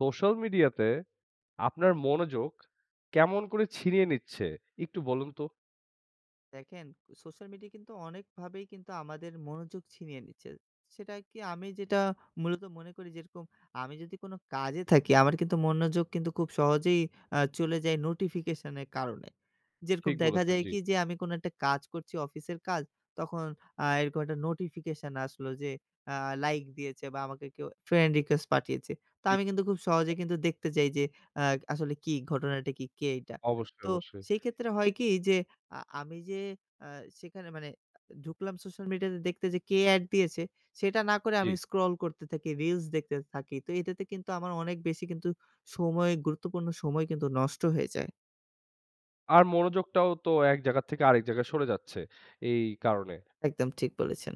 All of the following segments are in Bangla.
সোশ্যাল মিডিয়াতে আপনার মনোযোগ, কেমন করে ছিনিয়ে নিচ্ছে? একটু বলুন তো। দেখেন। সোশ্যাল মিডিয়া কিন্তু অনেকভাবেই কিন্তু আমাদের মনোযোগ ছিনিয়ে নিচ্ছে। সেটায় কি? আমি যেটা মূলত মনে করি, যেরকম আমি যদি কোনো কাজে থাকি, আমার কিন্তু মনোযোগ কিন্তু খুব সহজেই অ্যা চলে যায় নোটিফিকেশনের কারণে। যেরকম ঠিক দেখা বলেছেন, যায় জি। কি? যে আমি কোনো একটা কাজ করছি, অফিসের কাজ, তখন আ এরকম একটা নোটিফিকেশন আসলো, যে আ লাইক দিয়েছে বা আমাকে কেউ ফ্রেন্ড রিকোয়েস্ট পাঠিয়েছে। তো জি। আমি কিন্তু খুব [unintelligible] সহজেই কিন্তু দেখতে যাই যে, অ্যা আসলে কি? ঘটনাটা কি? কে এইটা? অবশ্যই, তো অবশ্যই। সেই ক্ষেত্রে হয় কি? যে আ আমি যে আ সেখানে মানে এ ঢুকলাম সোশ্যাল মিডিয়াতে দেখতে যে কে এড দিয়েছে? সেটা না করে জ্বি। আমি স্ক্রল করতে থাকি, রিলস দেখতে থাকি। তো এটাতে কিন্তু আমার অনেক বেশি কিন্তু সময় গুরুত্বপূর্ণ সময় কিন্তু নষ্ট হয়ে যায়। আর মনোযোগটাও তো এক জায়গার থেকে আরেক জায়গায় সরে যাচ্ছে, এই কারণে। একদম ঠিক বলেছেন।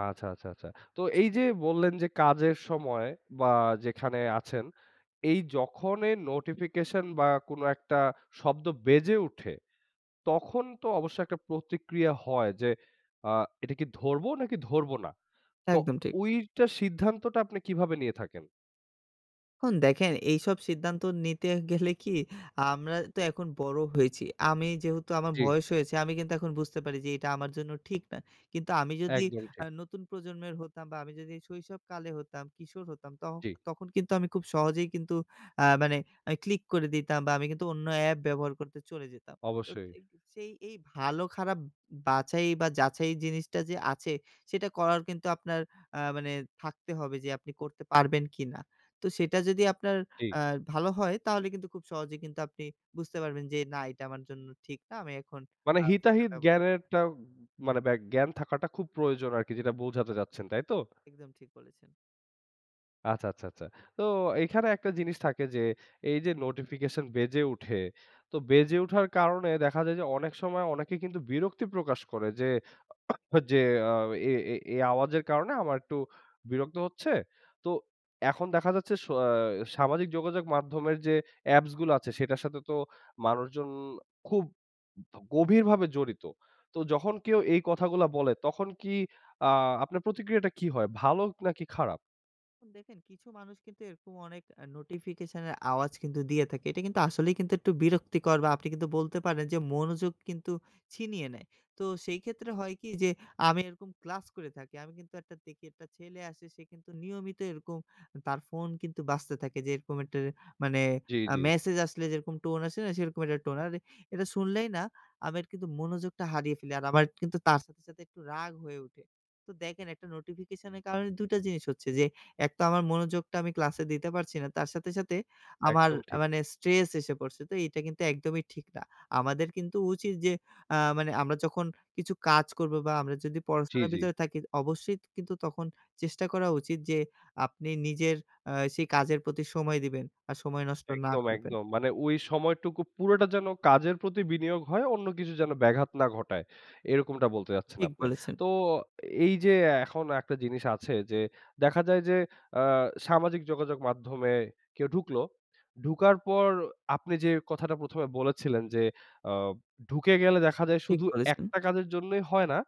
আচ্ছা, আচ্ছা, আচ্ছা। তো এই যে বললেন যে কাজের সময় বা যেখানে আছেন, এই যখনই নোটিফিকেশন বা কোনো একটা শব্দ বেজে উঠে, তখন তো অবশ্য একটা প্রতিক্রিয়া হয় যে আ এটা কি ধরবো নাকি ধরব না। তো একদম ঠিক। ঐটার সিদ্ধান্তটা আপনি কিভাবে নিয়ে থাকেন? এখন দেখেন এইসব সিদ্ধান্ত নিতে গেলে কি আমরা তো এখন বড় হয়েছি। আমি যেহেতু আমার জ্বী। বয়স হয়েছে আমি কিন্তু এখন বুঝতে পারি যে এটা আমার জন্য ঠিক না। কিন্তু আমি যদি একদম আ ঠিক। নতুন প্রজন্মের হতাম বা আমি যদি শৈশবকালে হতাম, কিশোর হতাম, তখ জী। তখন কিন্তু আমি খুব সহজেই কিন্তু আ মানে আ ক্লিক করে দিতাম বা আমি কিন্তু অন্য অ্যাপ ব্যবহার করতে চলে যেতাম। তো অবশ্যই। [unintelligible] সেই এই ভালো-খারাপ উম বাছাই বা যাচাই জিনিসটা যে আছে সেটা করার কিন্তু আপনার আ মানে থাকতে হবে যে আপনি করতে পারবেন কিনা? তো সেটা যদি আপনার ঠি আ ভালো হয় তাহলে কিন্তু খুব সহজেই কিন্তু আপনি বুঝতে পারবেন যে না এটা আমার জন্য ঠিক না। আমি এখন মানে হিতাহিত [unintelligible] জ্ঞানের টা উম মানে ব্যা জ্ঞান থাকাটা খুব প্রয়োজন আরকি যেটা বোঝাতে চাচ্ছেন, তাই তো? একদম ঠিক বলেছেন। আচ্ছা, আচ্ছা, আচ্ছা। তো এইখানে একটা জিনিস থাকে যে, এই যে নোটিফিকেশন বেজে উঠে। তো বেজে উঠার কারণে দেখা যায় যে অনেক সময় অনেকে কিন্তু বিরক্তি প্রকাশ করে। যে, যে, "আ এ এ এ আওয়াজের কারণে আমার একটু বিরক্ত হচ্ছে।" তো এখন দেখা যাচ্ছে সো অ্যা সামাজিক যোগাযোগ মাধ্যমের যে অ্যাপস গুলো আছে সেটার সাথে তো মানুষজন খুব গভীরভাবে জড়িত। তো যখন কেউ এই কথাগুলা বলে, তখন কি আ আপনার প্রতিক্রিয়াটা কি হয়? ভালো নাকি খারাপ? এখন দেখেন কিছু মানুষ কিন্তু এরকম অনেক আ নোটিফিকেশন এর আওয়াজ কিন্তু দিয়ে থাকে। এইটা কিন্তু আসলেই কিন্তু একটু বিরক্তিকর বা আপনি কিন্তু বলতে পারেন যে মনোযোগ কিন্তু ছিনিয়ে নেয়। তো সেই ক্ষেত্রে হয় কি যে আমি এইরকম ক্লাস করে থাকি। আমি কিন্তু একটা দেখি একটা ছেলে আসে, সে কিন্তু নিয়মিত এইরকম আ তার ফোন কিন্তু বাজতে থাকে যে এইরকম একটা মানে জি, আ জি। মেসেজ আসলে যেরকম টোন আসে না? সেরকম একটা টোন। আর এটা শুনলেই না আমের কিন্তু মনোযোগটা হারিয়ে ফেলি। আর আমার কিন্তু তার সাথে, সাথে একটু রাগ হয়ে উঠে। তো দেখেন একটা নোটিফিকেশন এর কারণে ২ টা জিনিস হচ্ছে যে, একতো আমার মনোযোগটা আমি ক্লাসে দিতে পারছি না তার সাথে, সাথে আমার একদম আ ঠিক। মানে স্ট্রেস এসে পড়ছে। তো এইটা কিন্তু একদমই ঠিক না। আমাদের কিন্তু উচিত যে আ মানে আমরা যখন কিছু কাজ করব বা আমরা যদি জি, পড়াশোনার জি। ভিতরে থাকি, অবশ্যই ত কিন্তু তখন চেষ্টা করা উচিত যে আপনি নিজের আ সেই কাজের প্রতি সময় দিবেন আর সময় নষ্ট না একদম, করবেন। একদম। মানে ওই সময়টুকু পুরোটা যেন কাজের প্রতি বিনিয়োগ হয়, অন্য কিছু যেন ব্যাঘাত না ঘটায়। এইরকমটা বলতে চাচ্ছেন ঠিক আপনে। বলেছেন। তো এই যে এখন একটা জিনিস আছে যে দেখা যায় যে আ সামাজিক যোগাযোগ মাধ্যমে কেউ ঢুকলো, ঢুকার পর আপনি যে কথাটা ১ম এ বলেছিলেন যে, "আ ঢুকে গেলে দেখা যায় ঠিক শুধু বলেছেন। একটা কাজের জন্যই হয় না,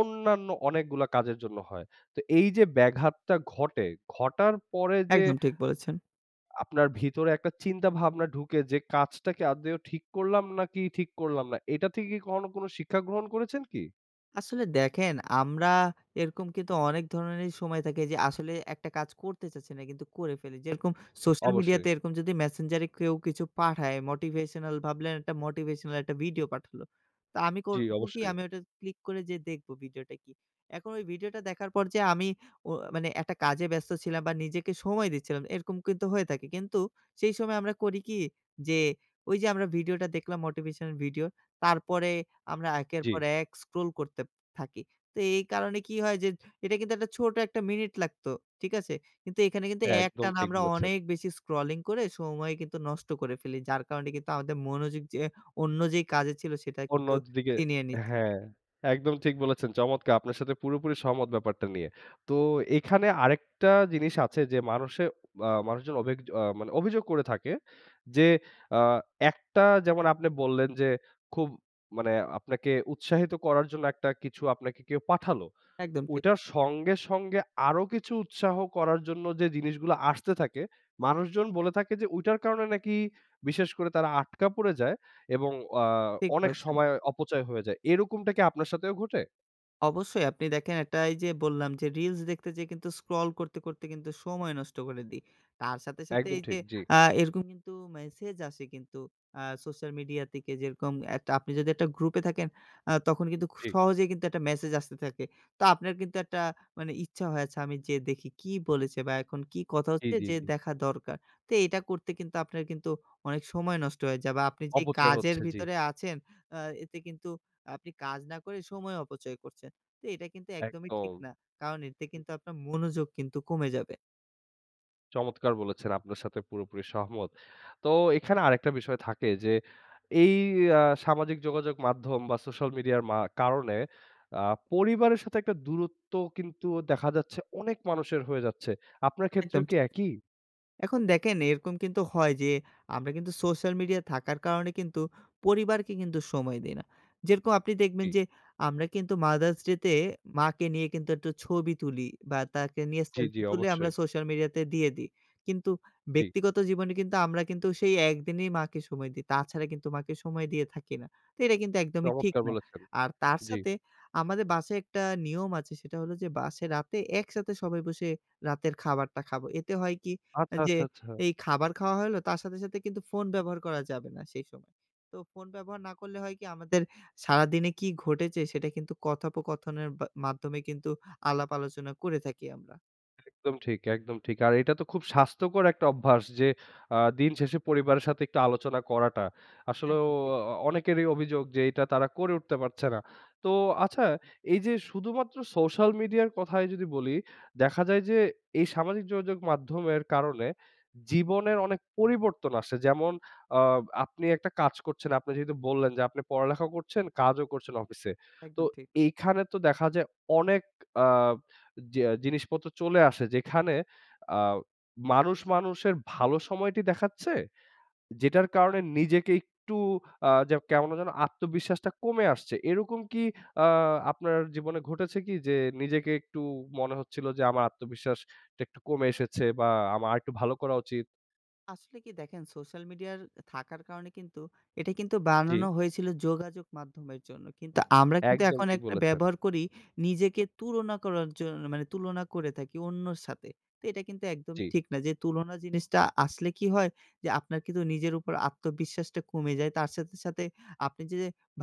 অন্যান্য অনেকগুলো কাজের জন্য হয়।" তো এই যে ব্যাঘাতটা ঘটে, ঘটার পরে যে একদম ঠিক বলেছেন। আপনার ভিতরে একটা চিন্তা-ভাবনা ঢুকে যে, "কাজটা কি আদৌ ঠিক করলাম নাকি ঠিক করলাম না?" এইটা থেকে কি কখনো কোনো শিক্ষা গ্রহণ করেছেন কি? আসলে দেখেন আমরা এরকম কিন্তু অনেক ধরনেরই সময় থাকে যে আসলে একটা কাজ করতে চাচ্ছি না কিন্তু করে ফেলি। যেরকম social media অবশ্যই। তে এরকম যদি Messenger এ কেউ কিছু পাঠায় motivational ভাবলেন একটা motivational একটা ভিডিও পাঠালো। তা আমি জি, করব কি? অবশ্যই। আমি ওটা click করে যেয়ে দেখব ভিডিওটা কি। এখন ঐ ভিডিওটা দেখার পর যে আমি ও মানে একটা কাজে ব্যস্ত ছিলাম বা নিজেকে সময় দিচ্ছিলাম। এরকম কিন্তু হয়ে থাকে। কিন্তু সেই সময় আমরা করি কি? যে, ওই যে আমরা ভিডিওটা দেখলাম motivational ভিডিও। তারপরে আমরা একের পর জি। এক scroll করতেপ থাকি। তো এই কারণে কি হয় যে এটা কিন্তু একটা ছোট ১ টা মিনিট লাগতো, ঠিক আছে? কিন্তু এইখানে কিন্তু একদম একটানা ঠিক আমরা বলেছেন। অনেক বেশি scrolling করে সময় কিন্তু নষ্ট করে ফেলি। যার কারণে কিন্তু আমাদের মনোযোগ যে অন্য যেই কাজে ছিল সেটা অন্য কিন্তু দি দিকে ছিনিয়ে নিচ্ছে। হ্যাঁ একদম ঠিক বলেছেন। চমৎকার আপনার সাথে পুরোপুরি সহমত ব্যাপারটা নিয়ে। তো এইখানে আরেকটা জিনিস আছে যে মানুষে আ মানুষজন অভিগয আ মানে অভিযোগ করে থাকে। যে আ একটা যেমন আপনি বললেন যে খুব মানে আপনাকে উৎসাহিত করার জন্য একটা কিছু আপনাকে কেউ পাঠালো। একদম ঠিক। ঐটার সঙ্গে, সঙ্গে আরো কিছু উৎসাহ করার জন্য যে জিনিসগুলো আসতে থাকে, মানুষজন বলে থাকে যে ঐটার কারণে নাকি বিশেষ করে তারা আটকা পড়ে যায় এবং আ ঠিক অনেক বলেছেন। সময় অপচয় হয়ে যায়। এরকমটা কি আপনার সাথেও ঘটে? অবশ্যই আপনি দেখেন একটা এইযে বললাম যে reels দেখতে যেয়ে কিন্তু scroll করতে, করতে কিন্তু সময় নষ্ট করে দেই। তার সাথে, সাথে একদম এইযে ঠিক, জি। আ এরকম কিন্তু মেসেজ আসে কিন্তু আ social media থেকে যেরকম একটা আপনি যদি একটা group এ থাকেন আ তখন কিন্তু খুব ঠিক। সহজেই কিন্তু একটা message আসতে থাকে। তো আপনার কিন্তু একটা মানে ইচ্ছা হয় আচ্ছা আমি যেয়ে দেখি কী বলেছে? বা এখন কি কথা জি, হচ্ছে জি, যে জি। দেখা দরকার? তো এটা করতে কিন্তু আপনার কিন্তু অনেক সময় নষ্ট হয়ে যায় বা আপনি যে অপচয় কাজের হচ্ছে, জি। ভিতরে আছেন আ এতে কিন্তু আ আপনি কাজ না করে সময় অপচয় করছেন। তো এটা কিন্তু একদমই ঠিক একদম। না, কারণ এতে কিন্তু আপনার মনোযোগ কিন্তু কমে যাবে। চমৎকার বলেছেন আপনার সাথে পুরোপুরি সহমত। তো এখানে আরেকটা বিষয় থাকে যে এই আ সামাজিক যোগাযোগ মাধ্যম বা social media র মা কারণে আ পরিবারের সাথে একটা দূরত্ব কিন্তু দেখা যাচ্ছে অনেক মানুষের হয়ে যাচ্ছে। আপনার একদম ক্ষেত্রেও ঠিক। কি এক ই? এখন দেখেন এরকম কিন্তু হয় যে, আমরা কিন্তু social media য় থাকার কারণে কিন্তু পরিবারকে কিন্তু সময় দেই না। যেরকম আপনি দেখবেন জি। যে আমরা কিন্তু Mother's Day তে মাকে নিয়ে কিন্তু একটু ছবি তুলি বা তাকে নিয়ে জি, জি selfie তুলে আমরা অবশ্যই। social media তে দিয়ে দেই কিন্তু জি। ব্যক্তিগত জীবনে কিন্তু আমরা কিন্তু সেই একদিনেই মাকে সময় দেই। তাছাড়া কিন্তু মাকে সময় দিয়ে থাকি না। তো এটা কিন্তু একদমই ঠিক চমৎকার না। বলেছেন। আর তার জি। সাথে আমাদের বাসায় একটা নিয়ম আছে সেটা হলো যে বাসে রাতে একসাথে সবাই বসে রাতের খাবারটা খাবো। এতে হয় কি আ আচ্ছা, যে, আচ্ছা, আচ্ছা। এই খাবার খাওয়া হলো তার সাথে সাথে কিন্তু ফোন ব্যবহার করা যাবে না সেই সময়। তো ফোন ব্যবহার না করলে হয় কি, আমাদের সারাদিনে কি ঘটেছে সেটা কিন্তু কথোপকথনের বা মাধ্যমে কিন্তু আলাপ-আলোচনা করে থাকি আমরা। একদম ঠিক, একদম ঠিক। আর এইটা তো খুব স্বাস্থ্যকর একটা অভ্যাস যে আ দিন শেষে পরিবারের সাথে একটু আলোচনা করাটা। আসলেও একদম ঠিক। অ অনেকেরই অভিযোগ যে এটা তারা করে উঠতে পারছে না। তো আচ্ছা, এই যে শুধুমাত্র সোশ্যাল মিডিয়ার কথাই যদি বলি দেখা যায় যে এই সামাজিক যোগাযোগ মাধ্যমের কারনে জীবনের অনেক পরিবর্তন আসে, যেমন আ আপনি একটা কাজ করছেন, আপনি যেহেতু বললেন যে আপনি পড়ালেখাও করছেন, কাজও করছেন অফিসে। তো একদম ঠিক। এইখানে তো দেখা যায় অনেক আ জিয়া জিনিসপত্র চলে আসে, যেখানে আ মানুষ মানুষের ভালো সময়টি দেখাচ্ছে, যেটার কারণে নিজেকে একটু আ যে কেমন যেন আত্মবিশ্বাসটা কমে আসছে। এরকম কি আ আপনার জীবনে ঘটেছে কি? যে নিজেকে একটু মনে হচ্ছিল যে আমার আত্মবিশ্বাস টা একটু কমে এসেছে বা আম আরেকটু ভালো করা উচিত? আসলে কি দেখেন সোশ্যাল মিডিয়ার থাকার কারণে কিন্তু, এটা কিন্তু জ্বি। বানানো হয়েছিলো যোগাযোগ মাধ্যমের জন্য। কিন্তু আমরা কিন্তু একদম এখন ঠিক একটা বলেছেন। ব্যবহার করি নিজেকে তুলনা করার জন মানে তুলনা করে থাকি অন্যর সাথে। তে এটা কিন্তু একদমই জ্বি। ঠিক না। যে তুলনা জিনিসটা আসলে কী হয়! যে আপনার কিন্তু নিজের উপর আত্মবিশ্বাসটা কমে যায়। তার সাথে, সাথে আপনি যে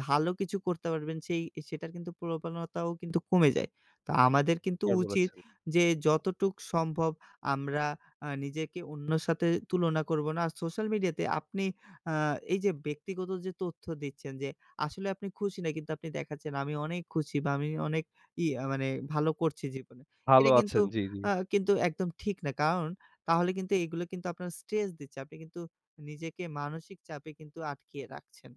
ভালো কিছু করতে পারবেন সেই সেটার কিন্তু প্রবণতাও কিন্তু কমে যায়। তা আমাদের কিন্তু কার উচিত বলেছেন। যে যতটুক সম্ভব আমরা আ নিজেকে অন্যর সাথে তুলনা করব না। আর সোশ্যাল মিডিয়াতে আপনি আ এই যে ব্যক্তিগত যে তথ্য দিচ্ছেন, যে আসলে আপনি খুশি না কিন্তু আপনি দেখাচ্ছেন "আমি অনেক খুশি বা আমি অনেক ইয়ে মানে ভালো করছি জীবনে।" ভালো এটা কিন্তু আছেন জি, জি। আ কিন্তু একদম ঠিক না। কারণ তাহলে কিন্তু এইগুলো কিন্তু আপনার স্ট্রেস দিচ্ছে। আপনি কিন্তু নিজেকে মানসিক চাপে কিন্তু আটকিয়ে রাখছেন।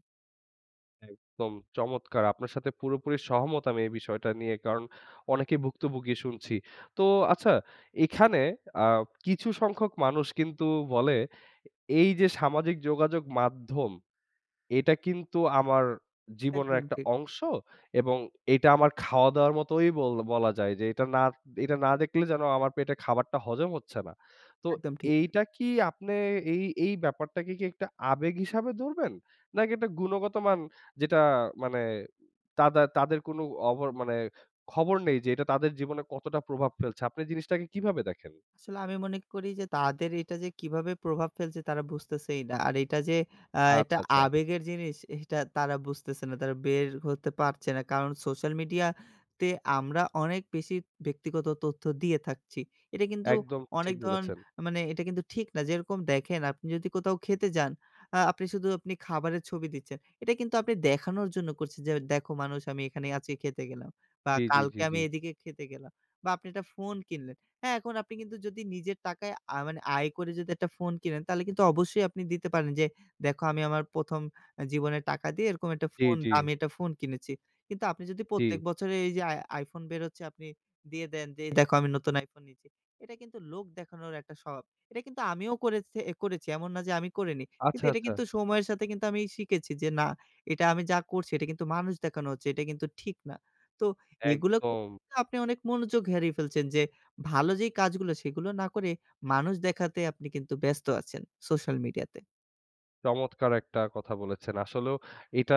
একদম চমৎকার! আপনার সাথে পুরোপুরি সহমত আমি এই বিষয়টা নিয়ে, কারণ অনেকেই ভুক্তভোগী শুনছি। তো আচ্ছা এখানে আ কিছু সংখ্যক মানুষ কিন্তু বলে, "এই যে সামাজিক যোগাযোগ মাধ্যম, এটা কিন্তু আমার জীবনের একদম একটা ঠিক। অংশ এবং এটা আমার খাওয়া-দাওয়ার মতোই বল বলা যায় যে এটা না এটা না দেখলে যেন আমার পেটে খাবারটা হজম হচ্ছে না।" তো একদম ঠিক। এইটা কি আপনে এই এই ব্যাপারটাকে কি একটা আবেগ হিসাবে ধরবেন? নাকি একটা গুণগতমান, যেটা মানে উম তাদা তাদের কোনো অভর মানে খবর নেই যে এটা তাদের জীবনে কতটা প্রভাব ফেলছে। আপনি জিনিসটাকে কিভাবে দেখেন? আসলে আমি মনে করি যে তাদের এটা যে কিভাবে প্রভাব ফেলছে তারা বুঝতেছেই না। আর এইটা যে আ আচ্ছা, এটা আচ্ছা। আবেগের জিনিস এইটা তারা বুঝতেছে না তারা বের হতে পারছে না, কারণ সোশ্যাল মিডিয়া তে আমরা অনেক বেশি ব্যক্তিগত তথ্য দিয়ে থাকছি। এটা কিন্তু একদম অনেক ঠিক ধরন বলেছেন। আ মানে এটা কিন্তু ঠিক না। যেরকম দেখেন আপনি যদি কোথাও খেতে যান, আ আপনি শুধু আপনি খাবারের ছবি দিচ্ছেন। এটা কিন্তু আপনি দেখানোর জন্য করছেন যে, "দেখো মানুষ আমি এখানে আজকে খেতে গেলাম বা জি, জি, জি, কালকে জি। আমি এদিকে খেতে গেলাম।" বা আপনি একটা ফোন কিনলেন। হ্যাঁ এখন আপনি কিন্তু যদি নিজের টাকায় আ মানে আয় করে যদি একটা ফোন কিনেন তাহলে কিন্তু অবশ্যই আপনি দিতে পারেন যে, "দেখো আমি আমার ১ম আ জীবনের টাকা দিয়ে এরকম একটা জি, ফোন জি। দামি একটা ফোন কিনেছি।" কিন্তু আপনি যদি প্রত্যেক জি। বছরে এই যে আই iPhone বেরোচ্ছে আপনি দিয়ে দেন যে, "এই দেখো আমি নতুন iPhone নিচ্ছি।" এটা কিন্তু লোক দেখানোর একটা স্বভাব। এটা কিন্তু আমিও করেছ এ করেছি। এমন না যে আমি করিনি। কিন্তু আচ্ছা, এটা আচ্ছা! কিন্তু সময়ের সাথে কিন্তু আমি শিখেছি যে, "না এটা আমি যা করছি এটা কিন্তু মানুষ দেখানো হচ্ছে, এটা কিন্তু ঠিক না।" তো এগুলো ক একদম। আপনি অনেক মনোযোগ হেরিয়ে ফেলছেন যে, ভালো যেই কাজগুলা সেইগুলো না করে, মানুষ দেখাতে আপনি কিন্তু ব্যস্ত আছেন, সোশ্যাল মিডিয়াতে। চমৎকার একটা কথা বলেছেন! আসলেও এটা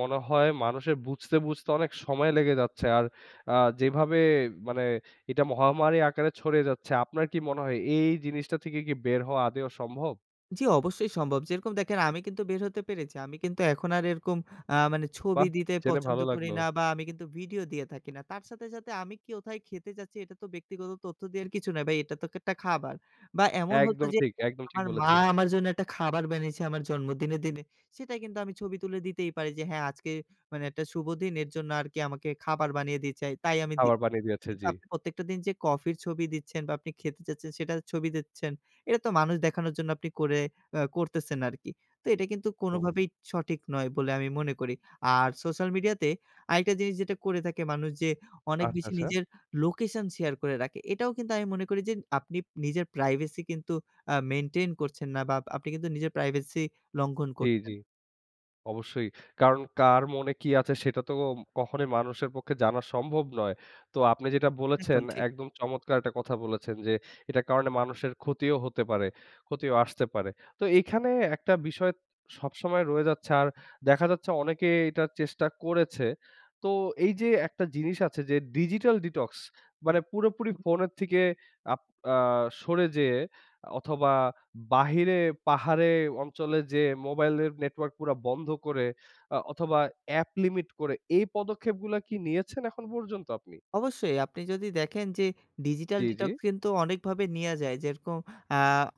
মনে হয় মানুষের বুঝতে, বুঝতে অনেক সময় লেগে যাচ্ছে। আর আ যেভাবে মানে এটা মহামারী আকারে ছড়িয়ে যাচ্ছে আপনার কি মনে হয় এই জিনিসটা থেকে কি বের হওয়া আদৌ সম্ভব? জি অবশ্যই সম্ভব। যেরকম দেখেন আমি কিন্তু বের হতে পেরেছি। আমি কিন্তু এখন আর এরকম আ মানে ছবি বাহ! দিতে জেনে পছন্দ ভালো করি লাগলো। না বা আমি কিন্তু ভিডিও দিয়ে থাকি না। তার সাথে, সাথে আমি কোথায় খেতে যাচ্ছি এটা তো ব্যক্তিগত তথ্য দেয়ার কিছু না ভাই, এটা তো-একটা খাবার বা এমন হতো একদম যে ঠিক, একদম ঠিক আমার মা বলেছেন। আমার জন্য একটা খাবার বানিয়েছে আমার জন্মদিনে, দিনে। সেটা কিন্তু আমি ছবি তুলে দিতেই পারি যে, "হ্যাঁ আজকে মানে একটা শুভ দিন এর জন্য আরকি আমাকে খাবার বানিয়ে দিয়েছে তাই আমি দি খাবার বানিয়ে দিয়েছে, কিন্তু জি। আপনি প্রত্যেকটা দিন যে কফির ছবি দিচ্ছেন বা আপনি খেতে যাচ্ছেন সেটার ছবি দিচ্ছেন। এটা তো মানুষ দেখানোর জন্য আপনি করে অ্যা করতেছেন আরকি। তো এটা কিন্তু হুম। কোনভাবেই সঠিক নয় বলে আমি মনে করি। আর সোশ্যাল মিডিয়া তে আরেকটা জিনিস যেটা করে থাকে মানুষ যে অনেক আচ্ছা, বেশি আচ্ছা! নিজের লোকেশন শেয়ার করে রাখে এটাও কিন্তু আমি মনে করি যে আপনি নিজের প্রাইভেসি কিন্তু আ মেইনটেইন করছেন না বা আপনি কিন্তু নিজের প্রাইভেসি লঙ্ঘন জি, করছেন। জি। অবশ্যই কারণ কার মনে কি আছে সেটা তো ওম কখনোই মানুষের পক্ষে জানা সম্ভব নয়। তো আপনি যেটা বলেছেন একদম ঠিক। একদম চমৎকার একটা কথা বলেছেন! যে এটার কারণে মানুষের ক্ষতিও হতে পারে ক্ষতিও আসতে পারে। তো এইখানে একটা বিষয় সবসময় রয়ে যাচ্ছে আর দেখা যাচ্ছে অনেকেই এটার চেষ্টা করেছে। তো এই যে একটা জিনিস আছে যে ডিজিটাল ডিটক্স মানে পুরোপুরি ফোনের থেকে আপ আ সরে যেয়ে অথবা বাহিরে পাহাড়ে অঞ্চলে যেয়ে মোবাইলের নেটওয়ার্ক পুরা বন্ধ করে অ্যা অথবা অ্যাপ লিমিট করে এই পদক্ষেপগুলা কি নিয়েছেন এখন পর্যন্ত আপনি? অবশ্যই আপনি যদি দেখেন যে ডিজিটাল জি, জি? ডিটক্স কিন্তু অনেকভাবে নেয়া যায়। যেরকম আ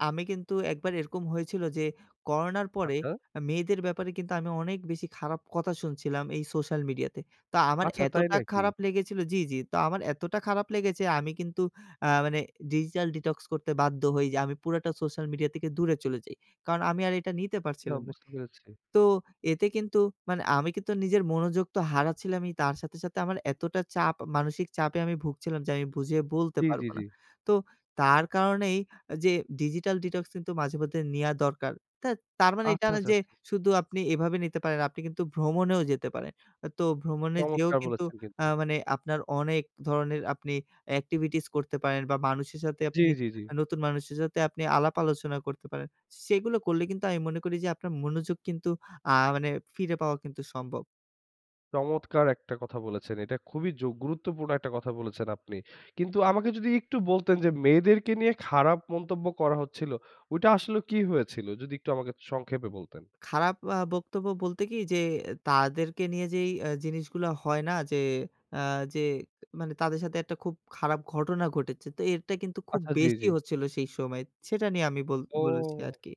আমি কিন্তু একবার এরকম হয়েছিল যে করোনার পরে আচ্ছা? আ মেয়েদের ব্যাপারে কিন্তু আমি অনেক বেশি খারাপ কথা শুনছিলাম এই সোশ্যাল মিডিয়াতে। তা আমার আচ্ছা তাই এতটা নাকি? খারাপ লেগেছিল জি, জি তো আমার এতটা খারাপ লেগেছে আমি কিন্তু আ মানে ডিজিটাল ডিটক্স করতে বাধ্য হই। যে আমি পুরাটা সোশ্যাল মিডিয়া থেকে দূরে চলে যাই। কারণ আমি আর এটা নিতে আ পারছিলাম না। বুঝতে পেরেছি। তো এতে কিন্তু মানে আমি কিন্তু নিজের মনোযোগ তো হারাচ্ছিলামই তার সাথে, সাথে আমার এতটা চাপ আ মানসিক চাপে আমি ভুগছিলাম যে আমি বুঝিয়ে বলতে জি, জি, পারব জি। না। তো তার কারণেই আ যে ডিজিটাল ডিটক্স কিন্তু মাঝে মধ্যে নেয়া দরকার। তা তার মানে এই আচ্ছা, আচ্ছা, না আচ্ছা, যে আচ্ছা। শুধু আপনি এভাবে নিতে পারেন। আপনি কিন্তু ভ্রমণেও যেতে পারেন। আ তো ভ্রমণে যেয়েও চমৎকার কিন্তু বলেছেন কিন্তু! অ্যা মানে আপনার অনেক ধরনের আপনি activities করতে পারেন বা মানুষের সাথে জি, আপনি জি, জি। আ নতুন মানুষের সাথে আপনি আলাপ-আলোচনা করতে পারেন। সেগুলো করলে কিন্তু আমি মনে করি যে আপনার মনোযোগ কিন্তু আ মানে ফিরে পাওয়া কিন্তু সম্ভব। চমৎকার একটা কথা বলেছেন। এটা খুবই যোগ গুরুত্বপূর্ণ একটা কথা বলেছেন আপনি! কিন্তু আমাকে যদি একটু বলতেন, যে মেয়েদেরকে নিয়ে খারাপ মন্তব্য করা হচ্ছিলো, ঐটা আসলে কি হয়েছিলো? যদি একটু আমাকে সংক্ষেপে বলতেন। খারাপ আ বক্তব্য বলতে কি, যে তাদেরকে নিয়ে যেই অ্যা জিনিসগুলো হয় না যে, আ যে মানে তাদের সাথে একটা খুব খারাপ ঘটনা ঘটেছে। তো এরটা কিন্তু খুব আচ্ছা জি, বেশি জি। হচ্ছিলো সেই সময়। সেটা নিয়ে আমি বল বলেছি ও! আরকি।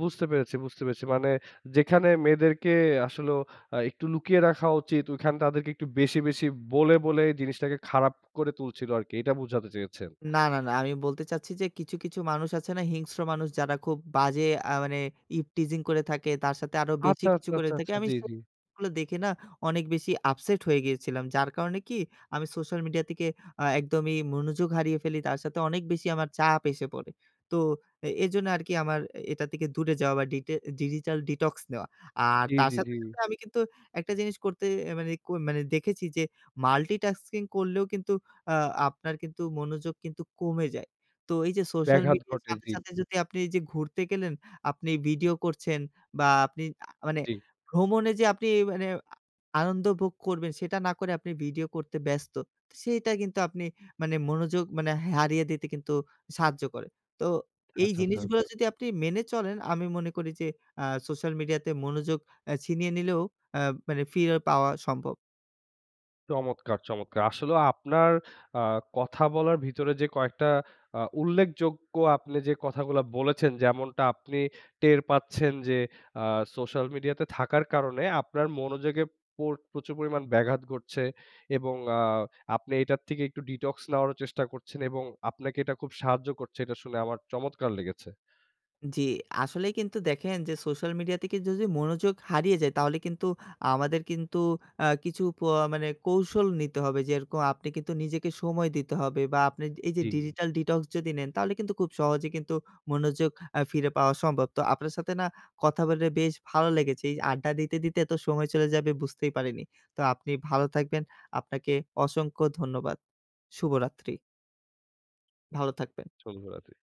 বুঝতে পেরেছি, বুঝতে পেরেছি। মানে যেখানে মেয়েদেরকে আসলেও আ একটু লুকিয়ে রাখা উচিত, ঐখানে তাদেরকে একটু বেশি, বেশি বলে, বলে এই জিনিসটাকে খারাপ করে তুলছিলো আরকি। এইটা বুঝাতে চেয়েছেন? না, না, না। আমি বলতে চাচ্ছি যে কিছু, কিছু মানুষ আছে না হিংস্র মানুষ? যারা খুব বাজে আ মানে ইভটিজিং করে থাকে, তার সাথে আরো বেশি আচ্ছা, আচ্ছা, কিছু করে আচ্ছা, থাকে। আচ্ছা, আমি জি, সে জি। গুলো দেখে না, অনেক বেশি আপসেট হয়ে গিয়েছিলাম। যার কারণে কি, আমি সোশ্যাল মিডিয়া থেকে আ একদমই মনোযোগ হারিয়ে ফেলি। তার সাথে অনেক বেশি আমার চাপ এসে পড়ে। তো এ এজন্য আরকি আমার এটা থেকে দূরে যাওয়া বা ডিটে এ ডিজিটাল ডিটক্স নেওয়া। আর জি, তার জি, জি। সাথে, সাথে আমি কিন্তু একটা জিনিস করতে আ মানে ক মানে দেখেছি, যে মাল্টিটাস্কিং করলেও কিন্তু আ আপনার কিন্তু মনোযোগ কিন্তু কমে যায়। তো এইযে সোশ্যাল ব্যাঘাত মিডিয়ার ঘটে, সাথে, জি। সাথে যদি আপনি ওইযে ঘুরতে গেলেন, আপনি ভিডিও করছেন বা আপনি আ মানে জি। ভ্রমণে যে আপনি মানে আ আনন্দ ভোগ করবেন, সেটা না করে আপনি ভিডিও করতে ব্যস্ত। তে সেইটা কিন্তু আপনি মানে মনোযোগ মানে হে হারিয়ে দিতে কিন্তু সাহায্য করে। তো এই আচ্ছা, আচ্ছা, জিনিসগুলা আচ্ছা। যদি আপনি মেনে চলেন, আমি মনে করি যে আ সোশ্যাল মিডিয়াতে মনোযোগ অ্যা ছিনিয়ে নিলেও অ্যা মানে ফিরে পাওয়া সম্ভব। চমৎকার, চমৎকার! আসলেও আপনার আ কথা বলার ভিতরে যে কয়েকটা আ উল্লেখযোগ্য আপনি যে কথাগুলা বলেছেন, যেমনটা আপনি টের পাচ্ছেন যে আ সোশ্যাল মিডিয়াতে থাকার কারণে, আপনার মনোযোগে পর প্রচুর পরিমাণ ব্যাঘাত ঘটছে। এবং আ আপনি এটার থেকে একটু detox নেওয়ারও চেষ্টা করছেন। এবং আপনাকে এটা খুব সাহায্য করছে, এটা শুনে আমার চমৎকার লেগেছে! উ জি। আসলেই কিন্তু দেখেন, যে সোশ্যাল মিডিয়া থেকে যদি মনোযোগ হারিয়ে যায়, তাহলে কিন্তু আমাদের কিন্তু আ কিছু প আ মানে কৌশল নিতে হবে। যেরকম আপনি কিন্তু নিজেকে সময় দিতে হবে বা আপনি এইযে জি। digital detox যদি নেন, তাহলে কিন্তু খুব সহজে কিন্তু মনোযোগ আ ফিরে পাওয়া সম্ভব। তো আপনার সাথে না কথা বলে বেশ ভালো লেগেছে। এই আড্ডা দিতে, দিতে এতো সময় চলে যাবে বুঝতেই পারিনি। তো আপনি ভালো থাকবেন। আপনাকে অসংখ্য ধন্যবাদ। শুভরাত্রি। ভালো থাকবেন। শুভরাত্রি।